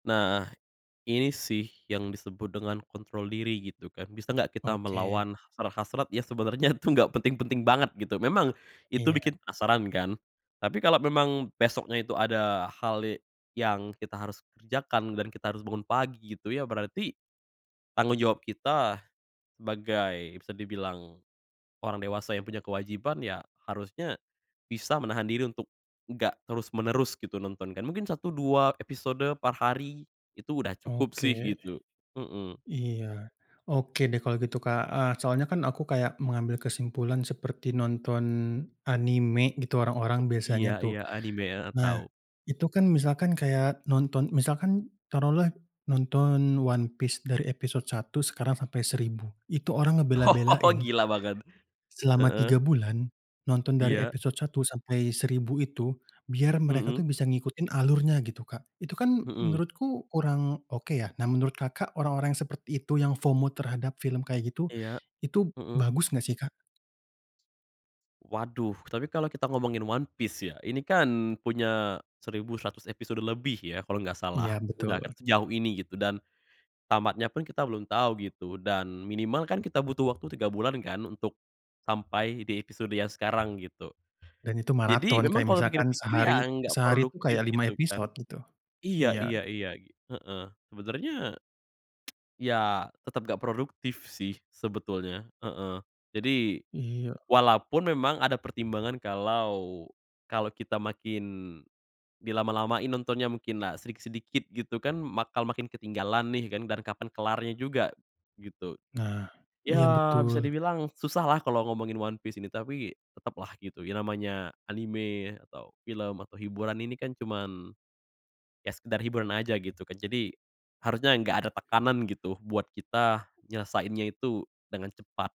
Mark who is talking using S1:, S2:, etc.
S1: Nah ini sih yang disebut dengan kontrol diri gitu kan, bisa enggak kita
S2: Oke.
S1: melawan hasrat-hasrat yang sebenarnya itu enggak penting-penting banget gitu. Memang itu
S2: Iya.
S1: bikin penasaran kan, tapi kalau memang besoknya itu ada hale yang kita harus kerjakan dan kita harus bangun pagi gitu ya, berarti tanggung jawab kita sebagai bisa dibilang orang dewasa yang punya kewajiban ya harusnya bisa menahan diri untuk enggak terus-menerus gitu nonton kan. Mungkin 1, 2 episode per hari itu udah cukup sih
S2: Oke.
S1: gitu. Mhm.
S2: Iya. Oke deh kalau gitu, Kak, heeh, soalnya kan aku kayak mengambil kesimpulan seperti nonton anime gitu orang-orang
S1: Iya
S2: biasanya
S1: iya
S2: tuh.
S1: anime, heeh,
S2: Nah
S1: tau.
S2: itu kan misalkan kayak nonton misalkan taruhlah nonton One Piece dari episode 1 sekarang sampai 1000, itu orang
S1: Oh,
S2: ngebela-belain
S1: gila banget,
S2: selama
S1: heeh.
S2: 3 bulan nonton dari
S1: Iya.
S2: episode 1 sampai 1000 itu biar mereka
S1: Mhm.
S2: tuh bisa ngikutin alurnya gitu, Kak. Itu kan
S1: Mhm.
S2: menurutku kurang oke ya. Nah menurut Kakak, orang-orang yang seperti itu yang FOMO terhadap film kayak gitu,
S1: Iya,
S2: itu
S1: mhm.
S2: bagus enggak sih, Kak?
S1: Waduh, tapi kalo kita ngomongin One Piece ya, ini kan punya 1100 episode lebih ya kalo enggak
S2: Iya
S1: salah, udah ket
S2: betul.
S1: sejauh ini gitu dan tamatnya pun kita belum tau gitu dan minimal kan kita butuh waktu 3 bulan kan untuk sampai di episode yang sekarang gitu.
S2: Dan itu
S1: Jadi
S2: maraton.
S1: memang
S2: Kayak
S1: kalo
S2: misalkan
S1: pikir-pikir iya
S2: sehari
S1: enggak
S2: sehari tuh
S1: produktif
S2: kayak 5
S1: gitu kan.
S2: episode gitu.
S1: Iya
S2: Iya.
S1: iya iya iya, heeh. Sebenarnya iya tetap enggak produktif sih sebetulnya, heeh. Jadi
S2: Iya.
S1: walaupun memang ada pertimbangan kalau kalau kita makin di lama-lamain nontonnya, mungkinlah sedikit-sedikit gitu kan, bakal makin ketinggalan nih kan dan kapan kelarnya juga gitu.
S2: Nah, iya
S1: Iya bisa
S2: betul.
S1: dibilang susahlah kalau ngomongin One Piece ini, tapi tetaplah gitu ya namanya anime atau film atau hiburan ini kan cuman ya sekedar hiburan aja gitu kan. Jadi harusnya enggak ada tekanan gitu buat kita nyelesainnya itu dengan cepat.